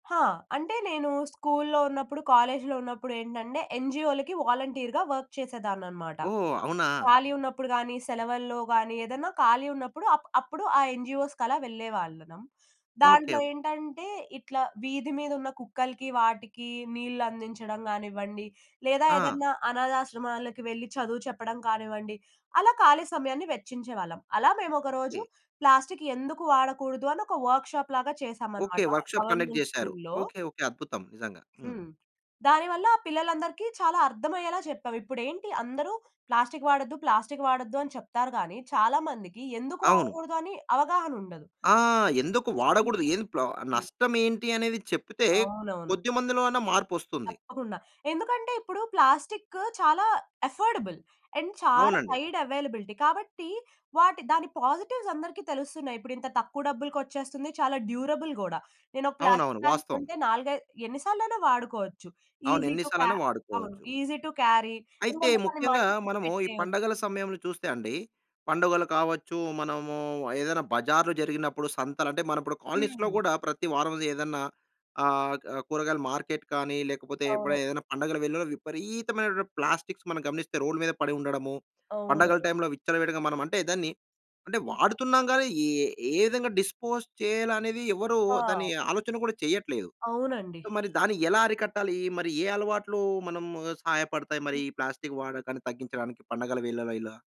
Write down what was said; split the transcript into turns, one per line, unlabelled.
ఆ! అంటే నేను స్కూల్లో ఉన్నప్పుడు కాలేజ్‌లో ఉన్నప్పుడేంటంటే ఎన్‌జీఓలకి వాలంటీర్‌గా వర్క్ చేసేదాన్ననమాట.
ఓహ్! అవునా?
ఖాళీ ఉన్నప్పుడు గాని, సెలవుల్లో గాని ఏదైనా ఖాళీ ఉన్నప్పుడు అ అప్పుడు ఆ ఎన్‌జీఓస్‌కలా వెళ్ళేవాళ్ళం.
Okay, okay.
దాంట్లో ఏంటంటే ఇట్లా వీధి మీద ఉన్న కుక్కలకి, వాటికి నీళ్లందించడం కానివ్వండి. లేదా
ఆ!
ఏదైనా అనాధాశ్రమాలకు వెళ్లి చదువు చెప్పడం కానివ్వండి. అలా ఖాళీ సమయాన్ని వెచ్చించేవాళ్ళం. అలా మేమొక
ఓకె.
రోజు ప్లాస్టిక్ ఎందుకు వాడకూడదు అని ఒక వర్క్‌షాప్ లాగా
ఓకె.
చేశామనమాట.
వర్క్‌షాప్ కండక్ట్
గవర్నమెంట్
చేసారు.
స్కూల్‌లో.
Okay okay. అద్భుతం నిజంగా. హ్మ్.
హ్మ్. దానివల్ల పిల్లలందరికి చాలా అర్థమయ్యేలా చెప్పాం. ఇప్పుడేంటి అందరూ ప్లాస్టిక్ వాడొద్దు, ప్లాస్టిక్ వాడొద్దు అని చెప్తారు కానీ, చాలా మందికి ఎందుకు
అవును.
వాడకూడదు అని అవగాహన ఉండదు.
ఆ! ఎందుకు వాడకూడదు?
చూస్తుంటే
ఏం ప్లో
హ్మ్.
నష్టం ఏంటి అనేది చెప్తే
అవునవును.
కొద్దిమందిలో అన్న మార్పొస్తుంది.
తప్పకుండా. ఎందుకంటే ఇప్పుడు ప్లాస్టికు చాలా అఫర్డబుల్. అండ్ చాలా
అవునండి.
సైడ్ అవైలబిలిటీ కాబట్టి వాటి దాని పాజిటివ్స్ అందరికి తెలుస్తున్నాయి. ఇప్పుడింత తక్కువ డబ్బులకొచ్చేస్తుంది. చాలా డ్యూరబుల్ గుడా. నేను ఒక
అవునవును.
ప్లాస్టిక్ బాగ్
వాస్తవం.
కొంటే 4, 5 ఎన్ని సార్లు అయినా వాడుకోవచ్చు.
అవును.
ఈజీ
ఎన్ని
టు క్యా‌
సార్లైనా
అవును
వాడుకోవచ్చు.
Easy to carry.
అయితే
ఎందుకంటే, దాన్ని
ముఖ్యంగా
మడతపెట్టి
మనము ఈ
పెట్టేయొచ్చు.
పండగల సమయంలో చూస్తే అండి. పండుగలు కావచ్చు. మనము ఏదైనా బజార్లు జరిగినప్పుడు సంతలంటే, మన కాలనీస్‌లో
హ్మ్.
కూడా ప్రతి వారం ఏదన్నా ఆహ్, క కూరగాయల మార్కెట్ కానీ లేకపోతే
అవును.
ఎప్పుడైనా ఏదైనా పండగలు వెల్లులో విపరీతమైనటువంటి ప్లాస్టిక్స్ మనం గమనిస్తే రోడ్ మీద పడి ఉండడము. పండగల
అవును.
టైంలో విచ్చలవిడిగా మనం అంటే దాన్ని, అంటే వాడుతున్నాం గాని ఏ, ఏ విధంగా డిస్పోజ్ చేయాలనేది ఎవరు దాన్ని
ఆ!
ఆలోచన కూడా చెయ్యట్లేదు.
అవునండి.
సొ, మరి దాన్ని ఎలా అరికట్టాలి? మరి ఏ అలవాట్లు మనం సహాయపడతాయి? మరి ఈ ప్లాస్టిక్ వాడకాన్ని తగ్గించడానికి పండగల వీళ్ళలో ఇలా.